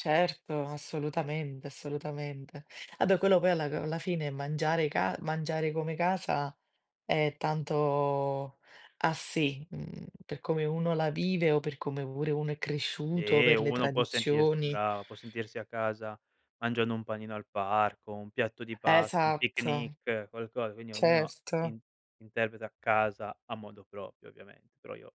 Certo, assolutamente, assolutamente. A beh, quello poi a alla fine mangiare ca mangiare come casa è tanto a si, mhmm, per come uno la vive o per come pure uno è cresciuto, Sì, per le uno può sentirsi tradizioni. bravo, può sentirsi a casa mangiando un panino al parco, un piatto di pasta, un Esatto, picnic, qualcosa, quindi ognuno certo. in interpreta casa a modo proprio ovviamente. Però io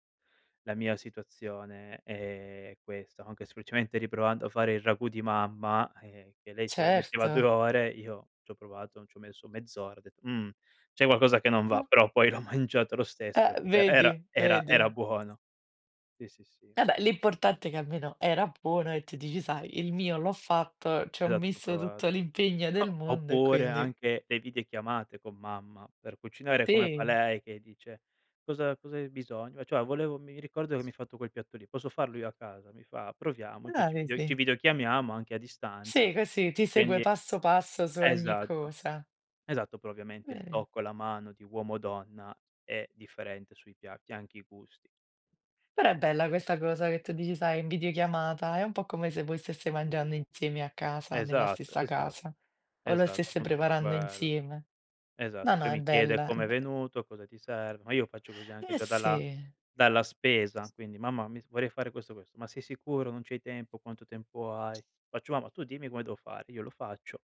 la mia situazione è questa, anche semplicemente riprovando a fare il ragù di mamma, ehm, che lei ci voleva metteva 2 Certo. ore, io ci ho provato, n ci ho messo mezz'ora, ho detto: "Mhmm, c'è qualcosa che non va". Ah Però poi l'ho mangiato lo stesso, eh eh [unintelligible] vedi, era era vedi. era buono. Sì, sì, sì. Vabbè, l'importante è che almeno era buono e tu dici: "Sai il mio l'ho fatto, ci ho Esatto ci ho messo provato. tutto l'impegno del O mondo e oppure quindi". anche le videochiamate con mamma, per cucinare come fa Sì. lei che dice: "Cosa cosa hai bisogno?", "Cioè volevo mi ricordo che mi hai fatto quel piatto lì, posso farlo io a casa?". Mi fa "Proviamoci!", Eh, ci video ci vedi. videochiamiamo anche a distanza. Sì, così, ti segue Quindi passo passo su ogni esatto, cosa. esatto, però ovviamente il Vedi. tocco e la mano di uomo donna è differente sui piatti, anche i gusti. Però è bella questa cosa che tu dici, sai, in videochiamata, è un po' come se voi steste mangiando insieme a casa, nella Esatto, stessa esatto, casa, o lo esatto, steste appunto per preparando quello. insieme. Esatto. No, no, Poi è mi chiede: bella è "Com'è be venuto? Cosa ti serve?". Ma io faccio così anche Eh già dalla sì. dalla spesa, quindi: "Mamma mi vorrei fare questo questo!". "Ma sei sicuro? Non c'hai tempo, quanto tempo hai?". Faccio "Mamma tu dimmi come devo fare, io lo faccio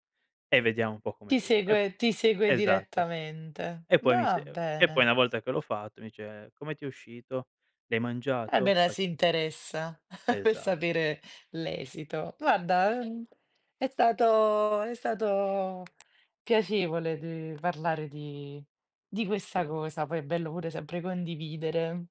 e vediamo un po' come Ti viene!". E p segue ti segue esatto. direttamente. E poi mi Va se e poi bene. una volta che l'ho fatto mi dice: "Come ti è uscito? L'hai Vabbè mangiato?". dai si Faccio interessa per Esatto. sapere l'esito. Guarda, uhm, è stato è stato piacevole di parlare di di questa cosa, poi è bello pure sempre condividere.